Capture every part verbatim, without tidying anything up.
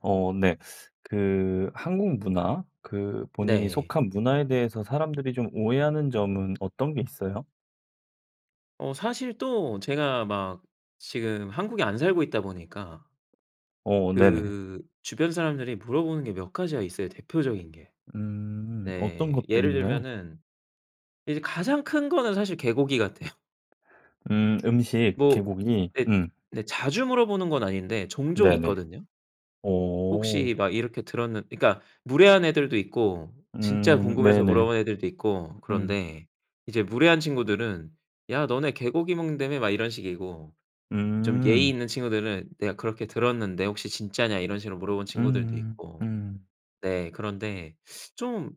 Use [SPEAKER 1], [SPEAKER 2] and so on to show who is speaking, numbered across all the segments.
[SPEAKER 1] 어 네. 그 한국 문화 그 본인이
[SPEAKER 2] 네.
[SPEAKER 1] 속한 문화에 대해서 사람들이 좀 오해하는 점은 어떤 게 있어요?
[SPEAKER 2] 어. 사실 또 제가 막 지금 한국에 안 살고 있다 보니까
[SPEAKER 1] 어 네네.
[SPEAKER 2] 그 주변 사람들이 물어보는 게 몇 가지가 있어요, 대표적인 게.
[SPEAKER 1] 음. 어떤
[SPEAKER 2] 네,
[SPEAKER 1] 것들이
[SPEAKER 2] 예를
[SPEAKER 1] 있나요?
[SPEAKER 2] 들면은 이제 가장 큰 거는 사실 개고기 같아요.
[SPEAKER 1] 음. 음식.
[SPEAKER 2] 뭐
[SPEAKER 1] 개고기
[SPEAKER 2] 예
[SPEAKER 1] 음.
[SPEAKER 2] 네 자주 물어보는 건 아닌데 종종
[SPEAKER 1] 네네.
[SPEAKER 2] 있거든요.
[SPEAKER 1] 어.
[SPEAKER 2] "혹시 막 이렇게 들었는" 그니까 무례한 애들도 있고 진짜
[SPEAKER 1] 음.
[SPEAKER 2] 궁금해서
[SPEAKER 1] 네네.
[SPEAKER 2] 물어본 애들도 있고
[SPEAKER 1] 음.
[SPEAKER 2] 그런데. 이제 무례한 친구들은 "야. 너네 개고기 먹는다며?" 막 이런 식이고. 좀 예의
[SPEAKER 1] 음.
[SPEAKER 2] 있는 친구들은 "내가 그렇게 들었는데 혹시 진짜냐?" 이런 식으로 물어본 친구들도
[SPEAKER 1] 음.
[SPEAKER 2] 있고.
[SPEAKER 1] 음.
[SPEAKER 2] 네. 그런데 좀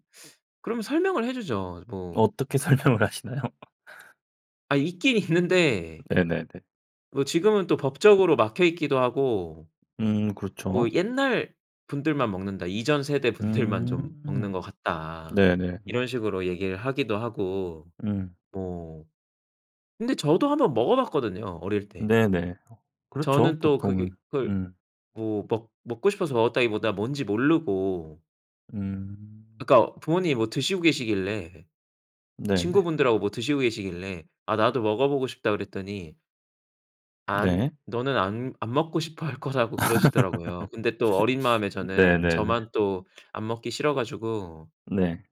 [SPEAKER 2] 그러면 설명을 해 주죠. 뭐.
[SPEAKER 1] 어떻게 설명을 하시나요?
[SPEAKER 2] 아, 있긴 있는데
[SPEAKER 1] 네네네.
[SPEAKER 2] 뭐 지금은 또 법적으로 막혀 있기도 하고.
[SPEAKER 1] 음.
[SPEAKER 2] 뭐
[SPEAKER 1] 그렇죠.
[SPEAKER 2] "옛날분들만 먹는다. 이전 세대분들만 좀 먹는
[SPEAKER 1] 음.
[SPEAKER 2] 것
[SPEAKER 1] 네네네.
[SPEAKER 2] 같다." 이런 식으로 얘기를 하기도 하고.
[SPEAKER 1] 음.
[SPEAKER 2] 뭐. 근데 저도 한번 먹어봤거든요 어릴 때.
[SPEAKER 1] 네네. 어 그렇죠,
[SPEAKER 2] 저는 또 그게
[SPEAKER 1] 보통은.
[SPEAKER 2] 그걸
[SPEAKER 1] 음.
[SPEAKER 2] 뭐 먹 먹고 싶어서 먹었다기보다 뭔지 모르고.
[SPEAKER 1] 음.
[SPEAKER 2] 그니까 부모님이 뭐 드시고 계시길래
[SPEAKER 1] 네네.
[SPEAKER 2] 친구분들하고 뭐 드시고 계시길래 "아, 나도 먹어보고 싶다." 그랬더니 안
[SPEAKER 1] 네.
[SPEAKER 2] 너는 안 안 먹고 싶어 할 거라고 그러시더라고요. 근데 또 어린 마음에 저는
[SPEAKER 1] 네네네.
[SPEAKER 2] 저만 또 안 먹기 싫어 가지고
[SPEAKER 1] 네.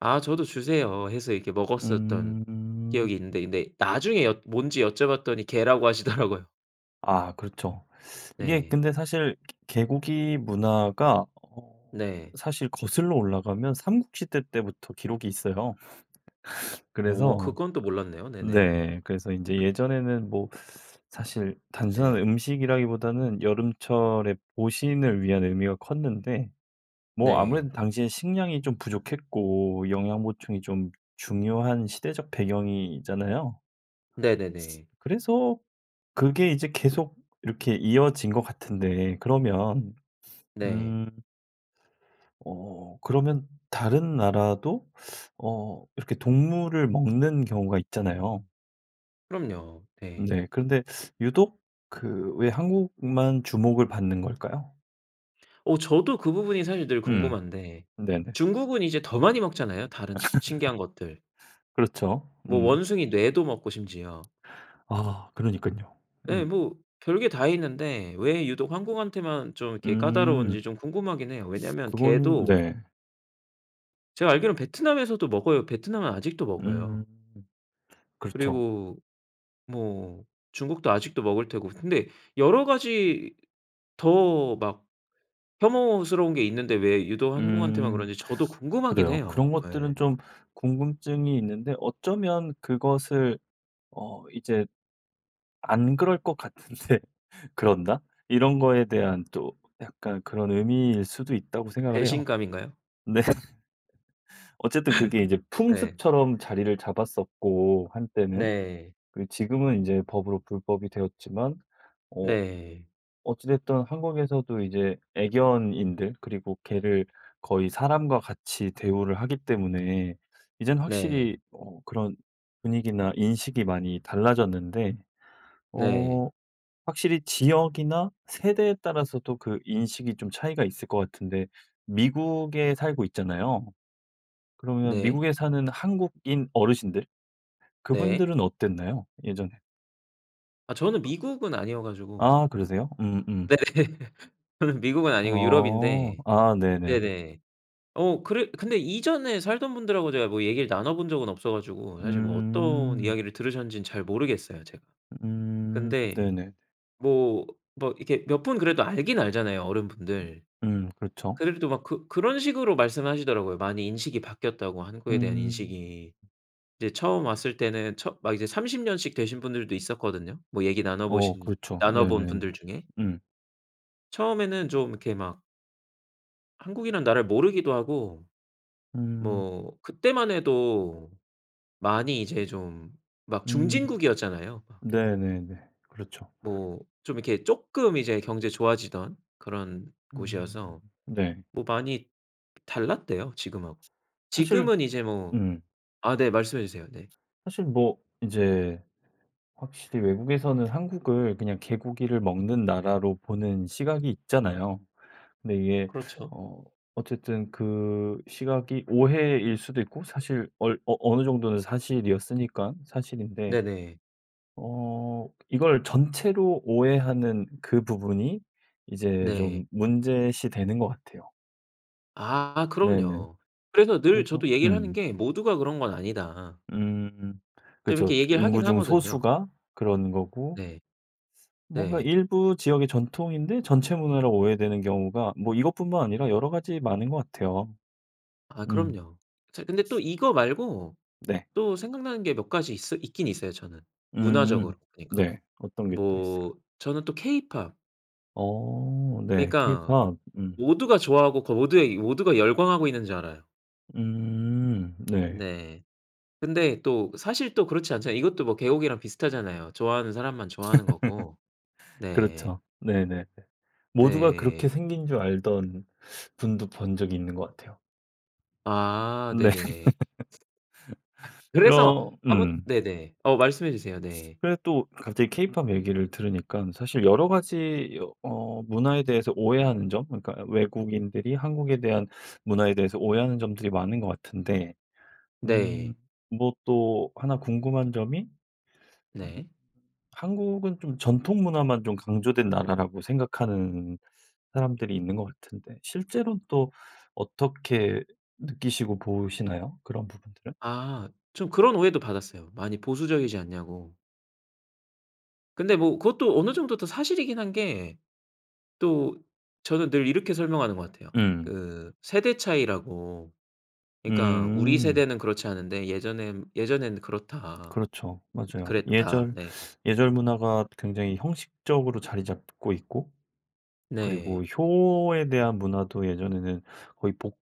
[SPEAKER 2] "아, 저도 주세요." 해서 이렇게 먹었었던
[SPEAKER 1] 음.
[SPEAKER 2] 기억이 있는데. 근데 나중에 여 뭔지 여쭤봤더니 개라고 하시더라고요.
[SPEAKER 1] 아. 그렇죠. 이게
[SPEAKER 2] 네.
[SPEAKER 1] 근데 사실 개고기 문화가 어
[SPEAKER 2] 네.
[SPEAKER 1] 사실 거슬러 올라가면 삼국시대 때부터 기록이 있어요.
[SPEAKER 2] 오.
[SPEAKER 1] 그래서
[SPEAKER 2] 그건 또 몰랐네요. 네네.
[SPEAKER 1] 네. 그래서 인제 예전에는 뭐 사실 단순한
[SPEAKER 2] 예.
[SPEAKER 1] 음식이라기보다는 여름철에 보신을 위한 의미가 컸는데. 뭐 아무래도
[SPEAKER 2] 네.
[SPEAKER 1] 당시에는 식량이 좀 부족했고 영양 보충이 좀 중요한 시대적 배경이잖아요.
[SPEAKER 2] 네네네.
[SPEAKER 1] 그래서 그게 이제 계속 이렇게 이어진 것 같은데 그러면
[SPEAKER 2] 네.
[SPEAKER 1] 음 어. 그러면 다른 나라도 어 이렇게 동물을 먹는 경우가 있잖아요?
[SPEAKER 2] 그럼요. 예.
[SPEAKER 1] 네. 근데 유독 그 왜 한국만 주목을 받는 걸까요?
[SPEAKER 2] 어. 저도 그 부분이 사실 늘
[SPEAKER 1] 음.
[SPEAKER 2] 궁금한데.
[SPEAKER 1] 네네.
[SPEAKER 2] 중국은 이제 더 많이 먹잖아요, 다른 시 신기한 것들.
[SPEAKER 1] 그렇죠.
[SPEAKER 2] 뭐
[SPEAKER 1] 음.
[SPEAKER 2] 원숭이 뇌도 먹고 심지어.
[SPEAKER 1] 아. 그러니깐요.
[SPEAKER 2] 예.
[SPEAKER 1] 음.
[SPEAKER 2] 뭐 별 게 다 있는데 왜 유독 한국한테만 좀 이렇게
[SPEAKER 1] 음.
[SPEAKER 2] 까다로운지 좀 궁금하긴 해요. 왜냐면
[SPEAKER 1] 그거는
[SPEAKER 2] 개도
[SPEAKER 1] 네.
[SPEAKER 2] 제가 알기로는 베트남에서도 먹어요. 베트남은 아직도
[SPEAKER 1] 음.
[SPEAKER 2] 먹어요.
[SPEAKER 1] 그렇죠.
[SPEAKER 2] 그리고 뭐 중국도 아직도 먹을 테고 근데 여러 가지 더 막 혐오스러운 게 있는데 왜 유독 한국한테만
[SPEAKER 1] 음.
[SPEAKER 2] 그런지 저도 궁금하긴
[SPEAKER 1] 그래요.
[SPEAKER 2] 해요.
[SPEAKER 1] 그런 것들은
[SPEAKER 2] 예.
[SPEAKER 1] 좀 궁금증이 있는데 어쩌면 그것을 어 이제 안 그럴 것 같은데 그런다? 이런 거에 대한 또 약간 그런 의미일 수도 있다고 생각을 해요.
[SPEAKER 2] 배신감인가요?
[SPEAKER 1] 네. 어쨌든 그게 이제
[SPEAKER 2] 네.
[SPEAKER 1] 풍습처럼 자리를 잡았었고 한때는.
[SPEAKER 2] 네.
[SPEAKER 1] 그리고 지금은 이제 법으로 불법이 되었지만. 어.
[SPEAKER 2] 네.
[SPEAKER 1] 어찌 됐든 한국에서도 이제 애견인들. 그리고 개를 거의 사람과 같이 대우를 하기 때문에 이제는
[SPEAKER 2] 네.
[SPEAKER 1] 확실히 어 그런 분위기나 인식이 많이 달라졌는데.
[SPEAKER 2] 네.
[SPEAKER 1] 어. 확실히 지역이나 세대에 따라서 또 그 인식이 좀 차이가 있을 것 같은데. 미국에 살고 있잖아요? 그러면
[SPEAKER 2] 네.
[SPEAKER 1] 미국에 사는 한국인 어르신들
[SPEAKER 2] 네.
[SPEAKER 1] 그분들은 어땠나요? 예전에?
[SPEAKER 2] 아. 저는 미국은 아니어 가지고.
[SPEAKER 1] 아. 그러세요?
[SPEAKER 2] 네.
[SPEAKER 1] 음음.
[SPEAKER 2] 저는 미국은 아니고
[SPEAKER 1] 어.
[SPEAKER 2] 유럽인데.
[SPEAKER 1] 아. 네네네.
[SPEAKER 2] 네네. 어 그래 근데 이전에 살던 분들하고 제가 뭐 얘기를 나눠본 적은 없어 가지고 사실 뭐 어떤
[SPEAKER 1] 음.
[SPEAKER 2] 이야기를 들으셨는지는 잘 모르겠어요, 제가.
[SPEAKER 1] 음.
[SPEAKER 2] 근데
[SPEAKER 1] 네네.
[SPEAKER 2] 뭐 막 이렇게 몇 분 그래도 알긴 알잖아요,
[SPEAKER 1] 으
[SPEAKER 2] 어른분들.
[SPEAKER 1] 음. 그렇죠.
[SPEAKER 2] 그네들도 막 그 그런 식으로 말씀하시더라고요. 많이 인식이 바뀌었다고 한국에 대한
[SPEAKER 1] 음.
[SPEAKER 2] 인식이. 이제 처음 왔을 때는 처 막 이제 삼십 년씩 되신 분들도 있었거든요. 뭐 얘기
[SPEAKER 1] 어.
[SPEAKER 2] 나눠보신
[SPEAKER 1] 그렇죠.
[SPEAKER 2] 나눠본
[SPEAKER 1] 네네네.
[SPEAKER 2] 분들 중에.
[SPEAKER 1] 음.
[SPEAKER 2] 처음에는 좀 이렇게 막 한국이란 나라를 모르기도 하고.
[SPEAKER 1] 음.
[SPEAKER 2] 뭐 그때만 해도 많이 이제 좀 막
[SPEAKER 1] 음.
[SPEAKER 2] 중진국이었잖아요 막.
[SPEAKER 1] 네네네. 그렇죠.
[SPEAKER 2] 뭐 좀 이렇게 쪼끔 이제 경제 좋아지던 그런
[SPEAKER 1] 음.
[SPEAKER 2] 곳이어서.
[SPEAKER 1] 네.
[SPEAKER 2] 뭐 많이 달랐대요, 지금하고.
[SPEAKER 1] 사실
[SPEAKER 2] 지금은 이제 뭐
[SPEAKER 1] 음.
[SPEAKER 2] 아 네. 말씀해 주세요. 네.
[SPEAKER 1] 사실 뭐 이제 확실히 외국에서는 한국을 그냥 개고기를 먹는 나라로 보는 시각이 있잖아요. 근데 이게
[SPEAKER 2] 그렿죠.
[SPEAKER 1] 어 어쨌든 그 시각이 오해일 수도 있고 사실 얼 어 어느 정도는 사실이었으니깐 사실인데.
[SPEAKER 2] 네네.
[SPEAKER 1] 어. 이걸 전체로 오해하는 그 부분이 이제
[SPEAKER 2] 네.
[SPEAKER 1] 좀 문제시되는 것 같아요.
[SPEAKER 2] 아.
[SPEAKER 1] 네네.
[SPEAKER 2] 그럼요. 그래서 늘
[SPEAKER 1] 그래서
[SPEAKER 2] 저도 얘기를 하는
[SPEAKER 1] 음.
[SPEAKER 2] 게 "모두가 그런 건 아니다."
[SPEAKER 1] 음.
[SPEAKER 2] 좀
[SPEAKER 1] 그렇죠.
[SPEAKER 2] 이렇게 얘기를
[SPEAKER 1] 인구
[SPEAKER 2] 하긴
[SPEAKER 1] 중
[SPEAKER 2] 하거든요.
[SPEAKER 1] 소수가 그런 거고.
[SPEAKER 2] 네.
[SPEAKER 1] 뭔가
[SPEAKER 2] 네.
[SPEAKER 1] 일부 지역의 전통인데 전체 문화로 오해되는 경우가 뭐 이것뿐만 아니라 여러 가지 많은 것 같아요.
[SPEAKER 2] 아
[SPEAKER 1] 음.
[SPEAKER 2] 그럼요. 저 근데 또 이거 말고
[SPEAKER 1] 네.
[SPEAKER 2] 또 생각나는 게 몇 가지 있어 있긴 있어요 저는. 문화적으로
[SPEAKER 1] 음.
[SPEAKER 2] 그니까.
[SPEAKER 1] 네. 어떤 게 또 있을까요?
[SPEAKER 2] 뭐 저는 또 케이팝.
[SPEAKER 1] 어. 네.
[SPEAKER 2] 그니까
[SPEAKER 1] 케이팝. 음.
[SPEAKER 2] 모두가 좋아하고 그 모두의 모두가 열광하고 있는 줄 알아요.
[SPEAKER 1] 음. 네.
[SPEAKER 2] 네. 근데 또 사실 또 그렇지 않잖아요. 이것도 뭐 개고기랑 비슷하잖아요. 좋아하는 사람만 좋아하는 거고. 네.
[SPEAKER 1] 그렇죠. 네네네. 모두가 그렇게
[SPEAKER 2] 네.
[SPEAKER 1] 생긴 줄 알던 분도 본 적이 있는 것 같아요.
[SPEAKER 2] 아
[SPEAKER 1] 네.
[SPEAKER 2] 네네. 그래서
[SPEAKER 1] 그럼
[SPEAKER 2] 아뭍
[SPEAKER 1] 음.
[SPEAKER 2] 네네. 어 말씀해 주세요. 네.
[SPEAKER 1] 그래도 또 갑자기 케이팝 얘기를 들으니깐 사실 여러 가지 어 문화에 대해서 오해하는 점 그러니까 외국인들이 한국에 대한 문화에 대해서 오해하는 점들이 많은 것 같은데. 음.
[SPEAKER 2] 네.
[SPEAKER 1] 뭐 또 하나 궁금한 점이 음
[SPEAKER 2] 네.
[SPEAKER 1] 한국은 좀 전통 문화만 좀 강조된 나라라고 생각하는 사람들이 있는 것 같은데 실제로는 또 어떻게 느끼시고 보시나요? 그런 부분들은?
[SPEAKER 2] 아. 좀 그런 오해도 받았어요. 많이 보수적이지 않냐고. 근데 뭐 그것도 어느 정도 또 사실이긴 한 게. 또 저는 늘 이렇게 설명하는 것 같아요.
[SPEAKER 1] 음.
[SPEAKER 2] 그 세대 차이라고. 그니까 "우리
[SPEAKER 1] 음.
[SPEAKER 2] 세대는 그렇지 않은데 예전엔 예전에는 그렇다
[SPEAKER 1] 그렇죠. 맞아요.
[SPEAKER 2] 그랬다."
[SPEAKER 1] 예절
[SPEAKER 2] 네.
[SPEAKER 1] 예절 문화가 굉장히 형식적으로 자리 잡고 있고 그리고
[SPEAKER 2] 네.
[SPEAKER 1] 효에 대한 문화도 예전에는 거의 복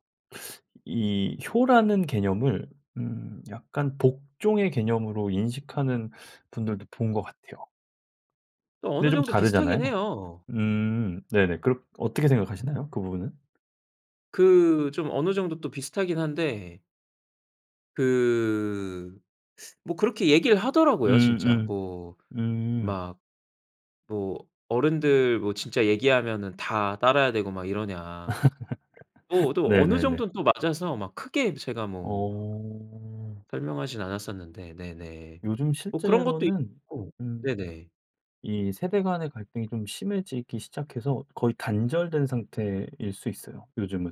[SPEAKER 1] 이 효라는 개념을 음 약간 복종의 개념으로 인식하는 분들도 본 것 같아요.
[SPEAKER 2] 또
[SPEAKER 1] 근데
[SPEAKER 2] 어느
[SPEAKER 1] 좀
[SPEAKER 2] 정도
[SPEAKER 1] 다르잖아요.
[SPEAKER 2] 비슷하긴 해요.
[SPEAKER 1] 음. 네네. 그럼 어떻게 생각하시나요? 그 부분은?
[SPEAKER 2] 그 좀 어느 정도 또 비슷하긴 한데 그 뭐 그렇게 얘기를 하더라고요 진짜.
[SPEAKER 1] 음음.
[SPEAKER 2] 뭐
[SPEAKER 1] 음.
[SPEAKER 2] 막 뭐 "어른들 뭐 진짜 얘기하면은 다 따라야 되고 막 이러냐?" 또 어도 어느
[SPEAKER 1] 네네네.
[SPEAKER 2] 정도는 또 맞아서 막 크게 제가 뭐 막
[SPEAKER 1] 어.
[SPEAKER 2] 설명하진 않았었는데 네네.
[SPEAKER 1] 요즘
[SPEAKER 2] 뭐 그런 것도
[SPEAKER 1] 실제로는
[SPEAKER 2] 있고
[SPEAKER 1] 음
[SPEAKER 2] 네네.
[SPEAKER 1] 이 세대 간의 갈등이 좀 심해지기 시작해서 거의 단절된 상태일 수 있어요, 요즘은.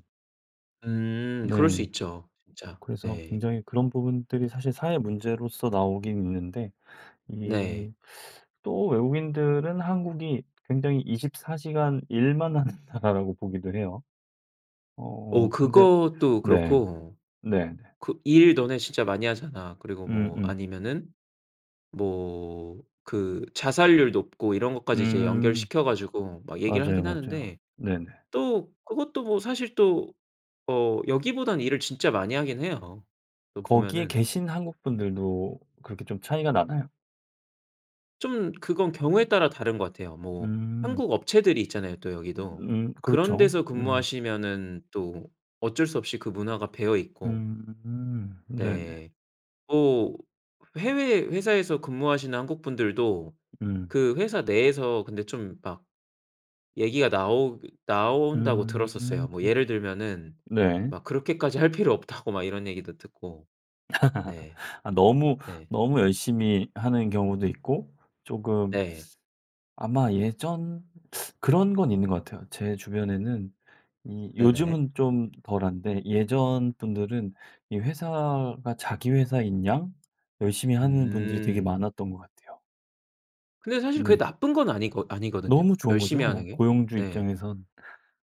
[SPEAKER 2] 음. 그럴 수
[SPEAKER 1] 네.
[SPEAKER 2] 있죠 진짜.
[SPEAKER 1] 그래서
[SPEAKER 2] 네.
[SPEAKER 1] 굉장히 그런 부분들이 사실 사회 문제로서 나오긴 있는데
[SPEAKER 2] 네.
[SPEAKER 1] 이 또 외국인들은 한국이 굉장히 이십 사 시간 일만 하는 나라라고 보기도 해요.
[SPEAKER 2] 어,
[SPEAKER 1] 어. 근데
[SPEAKER 2] 그것도
[SPEAKER 1] 네.
[SPEAKER 2] 그렇고
[SPEAKER 1] 네네.
[SPEAKER 2] 그 "일 너네 진짜 많이 하잖아." 그리고 뭐
[SPEAKER 1] 음음.
[SPEAKER 2] 아니면은 뭐 그 자살률 높고 이런 것까지 이제
[SPEAKER 1] 음.
[SPEAKER 2] 연결시켜 가지고 막 얘기를
[SPEAKER 1] 맞아요.
[SPEAKER 2] 하긴
[SPEAKER 1] 맞아요.
[SPEAKER 2] 하는데.
[SPEAKER 1] 네네.
[SPEAKER 2] 또 그것도 뭐 사실 또 어 여기보단 일을 진짜 많이 하긴 해요. 또
[SPEAKER 1] 거기에
[SPEAKER 2] 보면은.
[SPEAKER 1] 계신 한국 분들도 그렇게 좀 차이가 나나요?
[SPEAKER 2] 좀 그건 경우에 따라 다른 것 같아요. 뭐
[SPEAKER 1] 음.
[SPEAKER 2] 한국 업체들이 있잖아요 또
[SPEAKER 1] 으
[SPEAKER 2] 여기도.
[SPEAKER 1] 음.
[SPEAKER 2] 그런
[SPEAKER 1] 그렇죠.
[SPEAKER 2] 데서
[SPEAKER 1] 음.
[SPEAKER 2] 근무하시면은 또 어쩔 수 없이 그 문화가 배어 있고.
[SPEAKER 1] 음 네네.
[SPEAKER 2] 네. 뭐 해외 회사에서 근무하시는 한국 분들도
[SPEAKER 1] 음.
[SPEAKER 2] 그 회사 내에서 근데 좀 막 얘기가 나오 나온다고 들었었어요.
[SPEAKER 1] 음.
[SPEAKER 2] 뭐 예를 들면은
[SPEAKER 1] 네.
[SPEAKER 2] 막 그렇게까지 할 필요 없다고 막 이런 얘기도 듣고. 네.
[SPEAKER 1] 아 너무
[SPEAKER 2] 예.
[SPEAKER 1] 너무 열심히 하는 경우도 있고 쪼금
[SPEAKER 2] 네.
[SPEAKER 1] 아마 예전 그런 건 있는 것 같아요. 제 주변에는 이
[SPEAKER 2] 네네.
[SPEAKER 1] 요즘은 좀 덜한데 예전 분들은 이 회사가 자기 회사인양 열심히 하는 분들이 되게
[SPEAKER 2] 음.
[SPEAKER 1] 많았던 것 같아요.
[SPEAKER 2] 근데 사실 그게
[SPEAKER 1] 네.
[SPEAKER 2] 나쁜 건 아니거 아니거든요.
[SPEAKER 1] 너무 좋은
[SPEAKER 2] 열심히 하는
[SPEAKER 1] 거죠,
[SPEAKER 2] 게.
[SPEAKER 1] 고용주
[SPEAKER 2] 네.
[SPEAKER 1] 입장에선.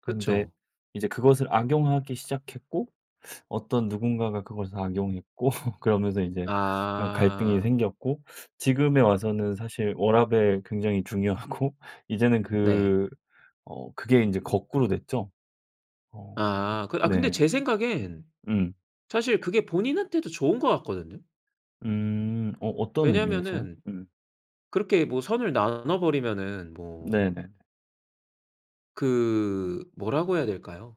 [SPEAKER 1] 그런데
[SPEAKER 2] 그쵸.
[SPEAKER 1] 이제 그것을 악용하기 시작했고 어떤 누군가가 그것을 악용했고 그러면서 이제 어 갈등이
[SPEAKER 2] 아.
[SPEAKER 1] 생겼고. 지금에 와서는 사실 워라밸 굉장히 중요하고. 이제는
[SPEAKER 2] 네.
[SPEAKER 1] 그 어 그게 이제 거꾸로 됐죠. 어.
[SPEAKER 2] 아. 아 근데
[SPEAKER 1] 네.
[SPEAKER 2] 제 생각엔
[SPEAKER 1] 음.
[SPEAKER 2] 사실 그게 본인한테도 좋은 것 같거든요.
[SPEAKER 1] 음. 어, 어떤 의미에서요?
[SPEAKER 2] 왜냐하면은
[SPEAKER 1] 음.
[SPEAKER 2] 그렇게 뭐 선을 나눠버리면은 뭐.
[SPEAKER 1] 네네네.
[SPEAKER 2] 그 뭐라고 해야 될까요.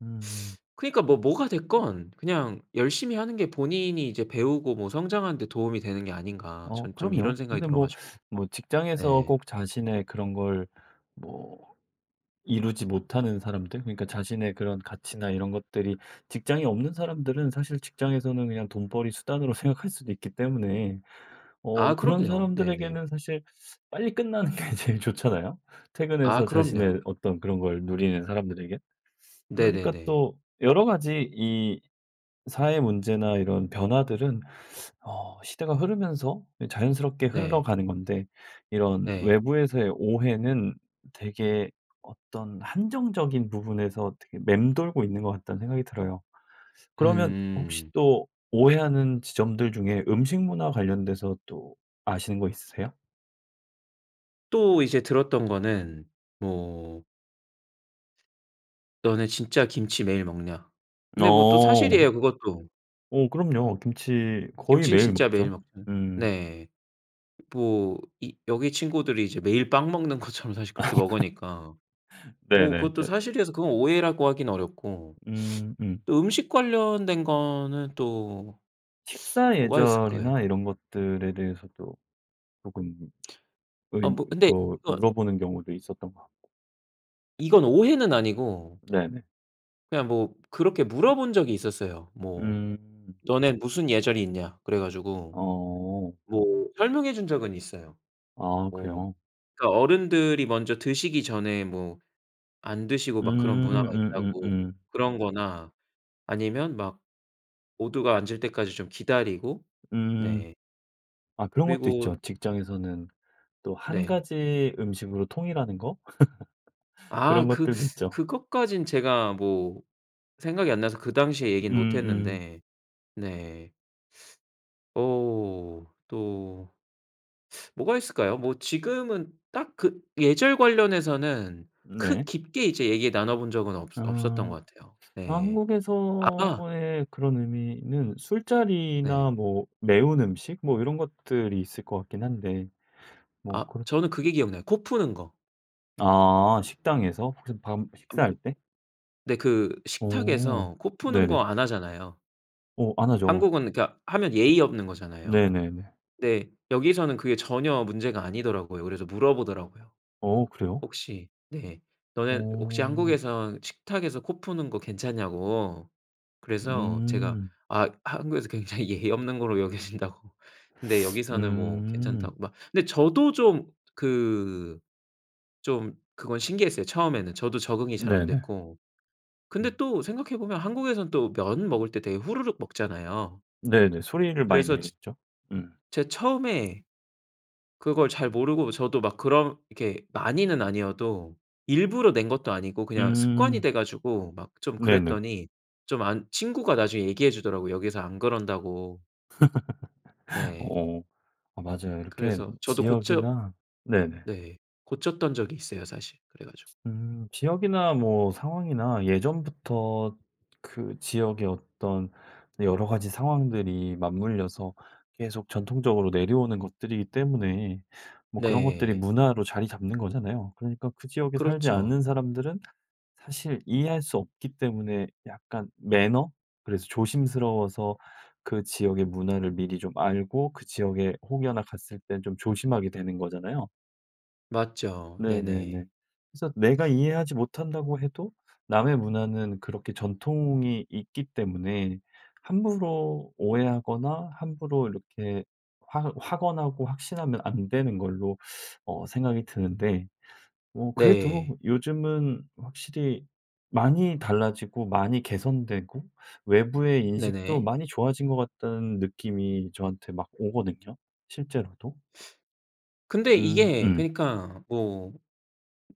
[SPEAKER 1] 음.
[SPEAKER 2] 그러니까 뭐 뭐가 됐건 그냥 '열심히 하는 게 본인이 이제 배우고 뭐 성장하는 데 도움이 되는 게 아닌가.'
[SPEAKER 1] 어
[SPEAKER 2] 전 좀 이런
[SPEAKER 1] 그럼요.
[SPEAKER 2] 생각이
[SPEAKER 1] 근데 뭐
[SPEAKER 2] 들어가지고.
[SPEAKER 1] 뭐 직장에서
[SPEAKER 2] 네.
[SPEAKER 1] 꼭 자신의 그런 걸 뭐 이루지 못하는 사람들? 그러니까 자신의 그런 가치나 이런 것들이 직장이 없는 사람들은 사실 직장에서는 그냥 돈벌이 수단으로 생각할 수도 있기 때문에. 어
[SPEAKER 2] 아.
[SPEAKER 1] 그런
[SPEAKER 2] 그럼요. 네네.
[SPEAKER 1] 사람들에게는 사실 빨리 끝나는 게 제일 좋잖아요?
[SPEAKER 2] 아.
[SPEAKER 1] 퇴근해서
[SPEAKER 2] 그럼요.
[SPEAKER 1] 자신의 어떤 그런 걸 누리는 사람들에겐. 그러니까
[SPEAKER 2] 네네네.
[SPEAKER 1] 또 여러 가지 이 사회 문제나 이런 변화들은 어 시대가 흐르면서 이 자연스럽게
[SPEAKER 2] 네.
[SPEAKER 1] 흘러가는 건데 이런
[SPEAKER 2] 네.
[SPEAKER 1] 외부에서의 오해는 되게 어떤 한정적인 부분에서 되게 맴돌고 있는 것 같다는 생각이 들어요. 그러면 혹시
[SPEAKER 2] 음.
[SPEAKER 1] 또 오해하는 지점들 중에 음식 문화 관련돼서 또 아시는 거 있으세요?
[SPEAKER 2] 또 이제 들었던 거는 뭐 "너네 진짜 김치 매일 먹냐?" 근데 뭐 또
[SPEAKER 1] 어.
[SPEAKER 2] 사실이에요 그것도.
[SPEAKER 1] 어 그럼요. 김치 거의
[SPEAKER 2] 김치는
[SPEAKER 1] 매일
[SPEAKER 2] 진짜 매일
[SPEAKER 1] 먹죠.
[SPEAKER 2] 먹
[SPEAKER 1] 음.
[SPEAKER 2] 네. 뭐 이 여기 친구들이 이제 매일 빵 먹는 것처럼 사실 그렇게 먹으니까. 뭐
[SPEAKER 1] 네네네네.
[SPEAKER 2] 그것도 사실이라서 그건 오해라고 하긴 어렵고.
[SPEAKER 1] 음음.
[SPEAKER 2] 또 음식 관련된 거는 또
[SPEAKER 1] 식사
[SPEAKER 2] 뭐가 있을까요?
[SPEAKER 1] 예절이나 이런 것들에 대해서도 쪼금
[SPEAKER 2] 아 뭐
[SPEAKER 1] [unintelligible]
[SPEAKER 2] 근데
[SPEAKER 1] 그
[SPEAKER 2] 이건
[SPEAKER 1] 물어보는 경우도 있었던 것 같고.
[SPEAKER 2] 이건 오해는 아니고.
[SPEAKER 1] 네네.
[SPEAKER 2] 그냥 뭐 그렇게 물어본 적이 있었어요. 뭐
[SPEAKER 1] 음.
[SPEAKER 2] "너네 무슨 예절이 있냐?" 그래가지고
[SPEAKER 1] 어.
[SPEAKER 2] 뭐 설명해준 적은 있어요.
[SPEAKER 1] 아.
[SPEAKER 2] 뭐
[SPEAKER 1] 그래요?
[SPEAKER 2] 그니까 어른들이 먼저 드시기 전에 뭐 안 드시고 막 그런
[SPEAKER 1] 음.
[SPEAKER 2] 문화가 있다고.
[SPEAKER 1] 음음음.
[SPEAKER 2] 그런 거나 아니면 막 모두가 앉을 때까지 좀 기다리고
[SPEAKER 1] 음.
[SPEAKER 2] 네.
[SPEAKER 1] 아 그런 것도
[SPEAKER 2] 그리고
[SPEAKER 1] 있죠. 직장에서는 또 한
[SPEAKER 2] 네.
[SPEAKER 1] 가지 음식으로 통일하는 거?
[SPEAKER 2] 아
[SPEAKER 1] 그런
[SPEAKER 2] 그
[SPEAKER 1] 것들도 있죠.
[SPEAKER 2] 그것까진 제가 뭐 생각이 안 나서 그 당시에 얘기는
[SPEAKER 1] 음음.
[SPEAKER 2] 못했는데 네. 어. 또 뭐가 있을까요? 뭐 지금은 딱 그 예절 관련해서는 크
[SPEAKER 1] 네.
[SPEAKER 2] 깊게 이제 얘기 나눠본 적은 없어 없었던
[SPEAKER 1] 아.
[SPEAKER 2] 것 같아요. 네. 아하.
[SPEAKER 1] 한국에서의 그런 의미는 술자리나
[SPEAKER 2] 네.
[SPEAKER 1] 뭐 매운 음식? 뭐 이런 것들이 있을 것 같긴 한데. 뭐
[SPEAKER 2] 아.
[SPEAKER 1] 그런
[SPEAKER 2] 저는 그게 기억나요 코 푸는 거.
[SPEAKER 1] 아. 식당에서? 혹시 밥
[SPEAKER 2] 아
[SPEAKER 1] 식사
[SPEAKER 2] 뭐
[SPEAKER 1] 할 때?
[SPEAKER 2] 네. 그
[SPEAKER 1] 어.
[SPEAKER 2] 식탁에서 코 푸는 거
[SPEAKER 1] 네네.
[SPEAKER 2] 안 하잖아요.
[SPEAKER 1] 어. 안 하죠.
[SPEAKER 2] 한국은 그니까 하면 예의 없는 거잖아요.
[SPEAKER 1] 네네네.
[SPEAKER 2] 근데 여기서는 그게 전혀 문제가 아니더라고요. 그래서 물어보더라고요.
[SPEAKER 1] 어? 그래요?
[SPEAKER 2] 혹시 네. 너네 혹시
[SPEAKER 1] 어.
[SPEAKER 2] 한국에선 식탁에서 코 푸는 거 괜찮냐고. 그래서 제가
[SPEAKER 1] 음.
[SPEAKER 2] 아 한국에서 굉장히 예의 없는 거로 여겨진다고. 그런데 여기서는 뭐
[SPEAKER 1] 음.
[SPEAKER 2] 괜찮다고 막. 그런데 저도 좀 그 좀 그건 신기했어요 처음에는. 저도 적응이 잘 안
[SPEAKER 1] 네네.
[SPEAKER 2] 됐고. 근데
[SPEAKER 1] 음.
[SPEAKER 2] 또 생각해보면 한국에서는 또 면 먹을 때 되게 후루룩 먹잖아요.
[SPEAKER 1] 네네. 소리를 많이
[SPEAKER 2] 그래서 츠
[SPEAKER 1] 내겠죠? 음.
[SPEAKER 2] 제가 처음에 그걸 잘 모르고 저도 막 그렇게 많이는 아니어도 일부러 낸 것도 아니고 그냥 습관이
[SPEAKER 1] 음.
[SPEAKER 2] 돼 가지고 막 좀
[SPEAKER 1] 네네.
[SPEAKER 2] 그랬더니 좀 안 친구가 나중에 얘기해 주더라고 여기에서 안 그런다고. 네.
[SPEAKER 1] 어. 아 맞아요. 이렇게
[SPEAKER 2] 그래서 저도 고쳐
[SPEAKER 1] 지역이나 네네.
[SPEAKER 2] 네, 고쳤던 적이 있어요 사실 그래 가지고.
[SPEAKER 1] 음. 지역이나 뭐 상황이나 예전부터 그 지역의 어떤 네 여러 가지 상황들이 맞물려서 계속 전통적으로 내려오는 것들이기 때문에 뭐 그런 것들이
[SPEAKER 2] 네.
[SPEAKER 1] 문화로 자리 잡는 거잖아요. 그러니까 그 지역에 살지 않는
[SPEAKER 2] 그렇죠.
[SPEAKER 1] 사람들은 사실 이해할 수 없기 때문에 약간 매너? 그래서 조심스러워서 그 지역의 문화를 미리 좀 알고 그 지역에 혹여나 갔을 때 좀 조심하게 되는 거잖아요.
[SPEAKER 2] 맞죠.
[SPEAKER 1] 네네네.
[SPEAKER 2] 네네.
[SPEAKER 1] 그래서 내가 이해하지 못한다고 해도 남의 문화는 그렇게 전통이 있기 때문에 함부로 오해하거나 함부로 이렇게 확 확언하고 확신하면 안 되는 걸로 어 생각이 드는데. 뭐
[SPEAKER 2] 네.
[SPEAKER 1] 그래도 요즘은 확실히 많이 달라지고 많이 개선되고 외부의 인식도
[SPEAKER 2] 네네.
[SPEAKER 1] 많이 좋아진 것 같다는 느낌이 저한테 막 오거든요. 실제로도.
[SPEAKER 2] 근데
[SPEAKER 1] 음
[SPEAKER 2] 이게
[SPEAKER 1] 음.
[SPEAKER 2] 그니까 뭐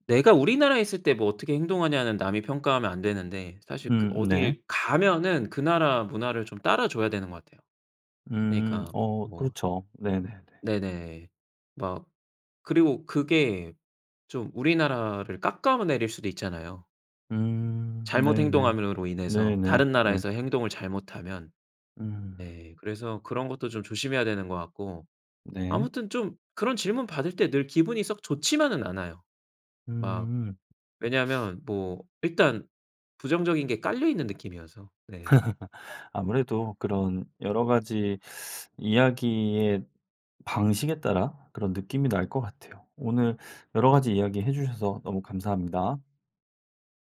[SPEAKER 2] 내가 우리나라에 있을 때 뭐 어떻게 행동하냐는 남이 평가하면 안 되는데 사실 그
[SPEAKER 1] 음 네.
[SPEAKER 2] 어딜 가면은 그 나라 문화를 좀 따라 줘야 되는 것 같아요.
[SPEAKER 1] 음.
[SPEAKER 2] 그니까
[SPEAKER 1] 어
[SPEAKER 2] 뭐
[SPEAKER 1] 그렇죠. 네네네.
[SPEAKER 2] 네네. 막 그리고 그게 좀 우리나라를 깎아 내릴 수도 있잖아요.
[SPEAKER 1] 음.
[SPEAKER 2] 잘못
[SPEAKER 1] 네네.
[SPEAKER 2] 행동함으로 인해서,
[SPEAKER 1] 네네.
[SPEAKER 2] 다른
[SPEAKER 1] 네.
[SPEAKER 2] 나라에서 행동을 잘못하면.
[SPEAKER 1] 음.
[SPEAKER 2] 네. 그래서 그런 것도 좀 조심해야 되는 것 같고.
[SPEAKER 1] 네.
[SPEAKER 2] 아무튼 좀 그런 질문받을 때 늘 기분이 썩 좋지만은 않아요. 막
[SPEAKER 1] 음.
[SPEAKER 2] 왜냐하면 뭐 일단 부정적인 게 깔려 있는 느낌이어서. 네.
[SPEAKER 1] 아무래도 그런 여러 가지 이야기의 방식에 따라 그런 느낌이 날 것 같아요. 오늘 여러 가지 이야기해 주셔서 너무 감사합니다.